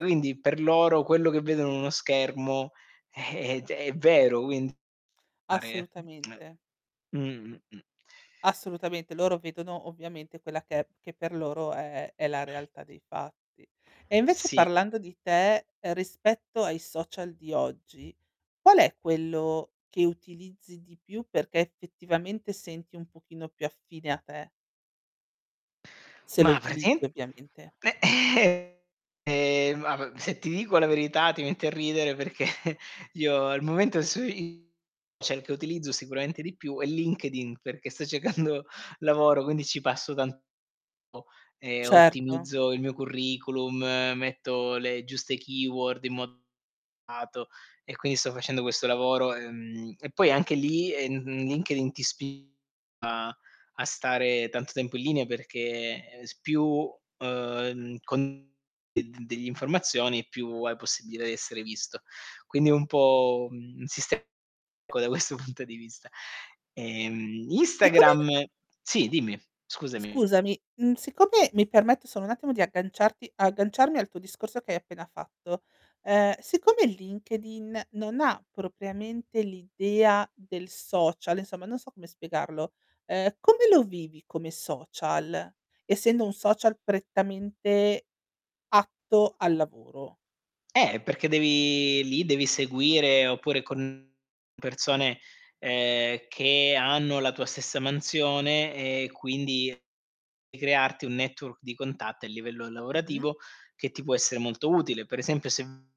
Quindi per loro, quello che vedono in uno schermo è è g è vero quindi [unintelligible] Assolutamente. Mh. Mh. Mh. Assolutamente, loro vedono ovviamente quella che è che per loro è è la realtà dei fatti. E invece Sì. parlando di te, rispetto ai social di oggi, qual è quello che utilizzi di più perché effettivamente senti un pochino più affine a te? Se lo Ma utilizzi praticamen ovviamente. ehm, mah, se ti dico la verità ti metti a ridere perché, io al momento su i cerco, utilizzo, sicuramente di più, è LinkedIn, perché sto cercando lavoro. Quindi ci passo tanto e Certo. ottimizzo il mio curriculum, metto le giuste keyword in modo accurato, e quindi sto facendo questo lavoro. Ehm, e poi anche li ehm, LinkedIn ti spinge a a stare tanto tempo in linea perché s più, ehm, con delle informazioni è più possibile essere visto. Quindi è un po', un sistema unico da questo punto di vista. Ehm, E come? Instagram, sì dimmi, scusami. Scusami, uhm, siccome mi permetto solo un attimo di agganciarti agganciarmi al tuo discorso che hai appena fatto, ehm, siccome LinkedIn non ha propriamente l'idea del social, insomma non so come spiegarlo, ehm, come lo vivi come social, essendo un social prettamente atto al lavoro? Eh, perché devi lì devi seguire oppure con persone, ehm, che hanno la tua stessa mansione e quindi crearti un network di contatto a livello Mh-mh. lavorativo, che ti può essere molto utile. Per esempio se uhm,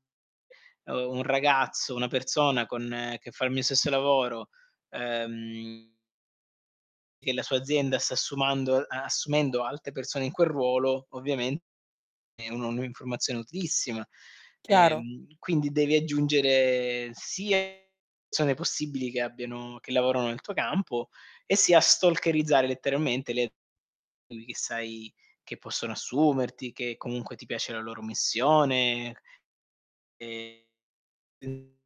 un ragazzo, una persona con che fa il mio stesso lavoro, ehm che la sua azienda sta assumando ehm, assumendo altre persone in quel ruolo, ovviamente è un'informazione utilissima. Chiaro. Ehm, quindi devi aggiungere sia persone possibili che abbiano che lavorano nel tuo campo e sia stalkerizzare letteralmente le a che sai che possono assumerti, che comunque ti piace la loro missione. Ehm. [unintelligible]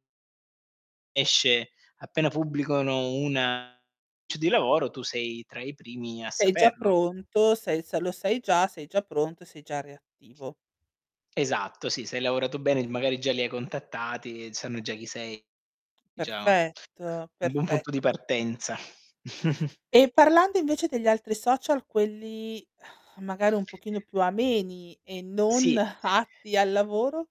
Esce, appena pubblicano una annuncio di lavoro, tu sei tra i primi a Sei già saperlo. pronto? Sei se lo sei già, sei già pronto e sei già reattivo. Esatto, sì, se hai lavorato bene magari già li hai contattati, sanno già chi sei. Già, Perfetto, un buon punto di perfetto. partenza. E parlando invece degli altri social, quelli magari un pochino più ameni e non Sì. atti al lavoro?